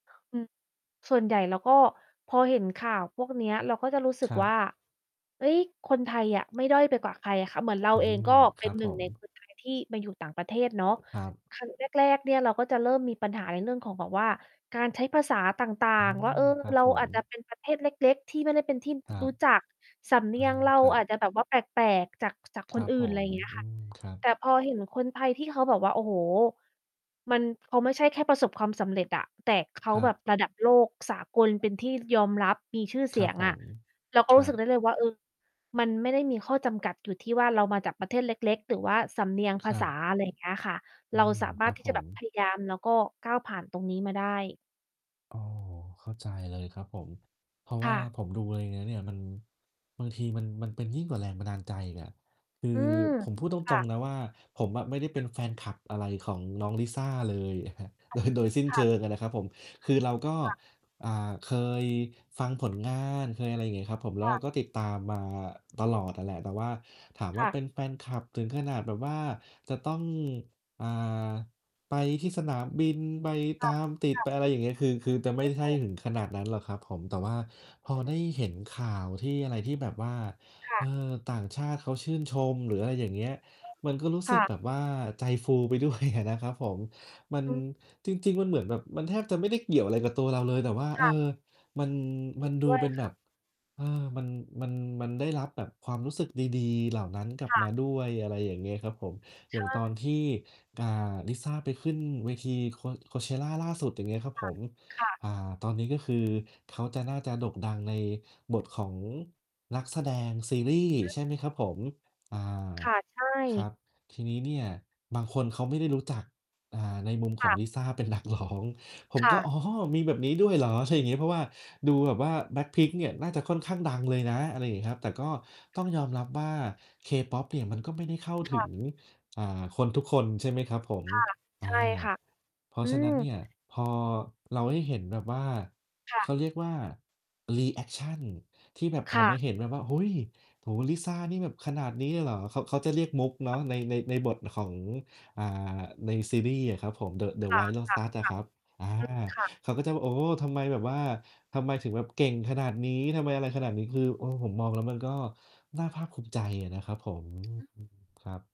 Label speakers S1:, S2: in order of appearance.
S1: อืม ส่วนใหญ่เราก็พอเห็นข่าวพวกเนี้ย เราก็จะรู้สึ
S2: ค
S1: ก
S2: รั
S1: ว
S2: บ
S1: ่า เฮ้ย คนไทยอะไม่ด้อยไปกว่าใครอะค่ะ เหมือนเรา
S2: อื
S1: เอง
S2: ม
S1: ก็
S2: ค
S1: เป
S2: ร
S1: ็
S2: ั
S1: น
S2: บ
S1: หน
S2: ผ
S1: ึ่ง
S2: ม
S1: ใน คนไทย ที่มาอยู่ต่างประเทศเนาะ
S2: ครับ
S1: ครั้งแรก ๆ เนี่ย เราก็จะเริ่มมีปัญหาในเรื่องของแบบว่า การใช้ภาษาต่า
S2: อื
S1: ง ๆ ว่
S2: ม
S1: า เออ
S2: ครับ
S1: เรา
S2: ผ
S1: อ
S2: ม
S1: าจจะเป็นประเทศเล็ก ๆ ที่ไม่ได้เป็นที่
S2: ครั
S1: ร
S2: บ
S1: ู้จัก สำเน
S2: อ
S1: ี
S2: า
S1: ยงเรา
S2: ครั
S1: อา
S2: บ
S1: จจะแบบว่า แปลก ๆ จาก จาก
S2: ค
S1: ค
S2: รั
S1: น
S2: บ
S1: อื่
S2: ผ
S1: น อะไร
S2: ม
S1: อย่างเงี้ย
S2: อื
S1: ค่ะ
S2: ม ครับ
S1: แต่พอเห็นคนไทยที่เขาแบบว่า โอ้โฮ มันไม่ใช่แค่ประสบความสำเร็จอะ แต่เขา
S2: ครั
S1: แบบ
S2: บ
S1: ระดับโลกสากลเป็นที่ยอมรับมีชื่อเส
S2: คร
S1: ี
S2: ับ
S1: ยง
S2: ผ
S1: อะ
S2: ม
S1: เราก็
S2: คร
S1: รู้
S2: ั
S1: สึกไ
S2: บ
S1: ด้เลยว่า เออ มันไม่ได้มีข้อจำกัดอยู่ที่ว่าเรามาจากประเทศเล็ก ๆ หรือว่าสำเนียงภ
S2: ค
S1: า
S2: รั
S1: ษา
S2: บ
S1: อะไรอย่างเงี้ยค่ะ
S2: อ
S1: เ
S2: ื
S1: รา
S2: ม
S1: สาม
S2: ค
S1: าร
S2: รั
S1: ถ
S2: บ
S1: ที่
S2: ผ
S1: จะแบ
S2: ม
S1: บพยายาม แล้วก็ก้าวผ่านตรงนี้มาได้
S2: โอ้ เข้าใจเลยครับผม เพราะ
S1: ค
S2: ว่
S1: ่
S2: า
S1: ะ
S2: ผมดูอะไรเนี่ยเนี้ย มัน บางทีมัน มันเป็นยิ่งกว่าแรงบันดาลใจอีกอะ คื
S1: อื
S2: อ
S1: ม
S2: ผมพูดต
S1: ค่
S2: ร
S1: ะ
S2: ง ๆ นะว่า ผมอะไม่ได้เป็นแฟนคลับอะไรของน้อง Lisa เลย
S1: ค
S2: โ
S1: ่
S2: ด
S1: ะ
S2: ย โดยสิ้น
S1: ค
S2: เ
S1: ่
S2: ช
S1: ะ
S2: ิงนะครับผม คือเราก็
S1: ค่ะ
S2: อ่า เคยฟังผลงาน เคย อะไรอย่างเงี้ยครับผม แล้
S1: ค
S2: วเ
S1: ่
S2: รา
S1: ะ
S2: ก็ติดตามมาตลอดอะแหละ แต่ว่าถามว
S1: ค
S2: ่า
S1: ่ะ
S2: เป็นแฟนคลับถึงขนาดแบบว่าจะต้อง อ่า ไปที่สนามบิน ไป
S1: ค
S2: ต
S1: ่ะ
S2: ามติด
S1: ค่
S2: ไป
S1: ะ
S2: อะไรอย่างเงี้ย คือ คือจะไม่ใช่ถึงขนาดนั้นหรอกครับผม แต่ว่าพอได้เห็นข่าวที่อะไรที่แบบว่า
S1: ค่
S2: เ
S1: ะ
S2: ออ ต่างชาติเขาชื่นชม หรืออะไรอย่างเงี้ย มันก็รู้
S1: ค
S2: สึ
S1: ่
S2: กแ
S1: ะ
S2: บบว่าใจฟู ไปด้วยอะนะครับผม มัน
S1: อืม
S2: จริง ๆ มันเหมือนแบบ มันแทบจะไม่ได้เกี่ยวอะไรกับตัวเราเลย แต่ว่า
S1: ค
S2: เอ
S1: ่ะ
S2: อ มัน
S1: เ
S2: ม
S1: ห
S2: ั
S1: ็
S2: น
S1: น
S2: ด
S1: ด
S2: ู
S1: ้วย
S2: เป็น
S1: ค
S2: แบ
S1: ่ะ
S2: บ เออ มัน มัน มันได้รับแบบความรู้สึกดี ๆ เหล่านั้นกลับ
S1: ค่
S2: มา
S1: ะ
S2: ด้วย อะไรอย่างเงี้ยครับผม อ
S1: ใ
S2: ย่
S1: ช
S2: างตอน
S1: ่
S2: ที่ อ่า Lisa ไปขึ้นเวที Co Coachella ล่าสุด อย่างเงี้ยครับ
S1: ค
S2: ผ
S1: ่ะ
S2: ม
S1: ค่ะ
S2: อ่า ตอนนี้ ก็คือเขาจะ น่าจะโด่งดังในบทของนักแสดงซีรีส์
S1: อืม
S2: ใช่ไหมครับผม? อา
S1: ค่ะ ใช
S2: ครั
S1: ่
S2: บ ทีนี้เนี่ยบางคนเขาไม่ได้รู้จัก อ่า ในมุมข
S1: ค
S2: อ
S1: ่
S2: ง
S1: ะ
S2: Lisa เป็น นักร้อง ผ
S1: ค
S2: ม
S1: ่
S2: ก็
S1: ะ
S2: อ๋อ มีแบบนี้ด้วยเหรอ? ใช่อย่างงี้ เพราะว่าดูแบบว่า Black Pink เนี่ย น่าจะค่อนข้างดังเลยนะ อะไรอย่างงี้ครับ แต่ก็ต้องยอมรับว่า K-Pop เนี่ยมันก็ไม่ได้เข้า
S1: ค
S2: ถึ
S1: ่ะ
S2: ง อ่า คนทุกคน ใช่ไหมครับผม
S1: ค่ะ
S2: อา
S1: ใช่ค่ะ
S2: เพรา
S1: อื
S2: ะฉะนั้น
S1: ม
S2: เนี่ยพอเราได้เห็นแบบว่า
S1: ค่
S2: เข
S1: ะ
S2: าเรียกว่า รีแอกชัน ที่แบบ
S1: ค
S2: ออ
S1: ่
S2: กม
S1: ะ
S2: าเห็นแบบว่า โอ้โฮ โอ้ Lisa นี่แบบขนาดนี้เลยเหรอ? เขา เขาจะเรียกมุกเนาะ ใน ใน ในบทของ อา ในซีรีส์อะครับผม The The
S1: ค่ะ
S2: White
S1: ค่ะ
S2: Lotus อะครับ อา
S1: ค่ะ อืม ค่ะ
S2: เขาก็จะแบบว่า โอ้โฮ ทำไมแบบว่า ทำไมถึงแบบเก่งขนาดนี้? ทำไมอะไรขนาดนี้? คือ เออ ผมมองแล้วมันก็น่าภาคภูมิใจอะนะครับผม
S1: อืม
S2: อืม ครับ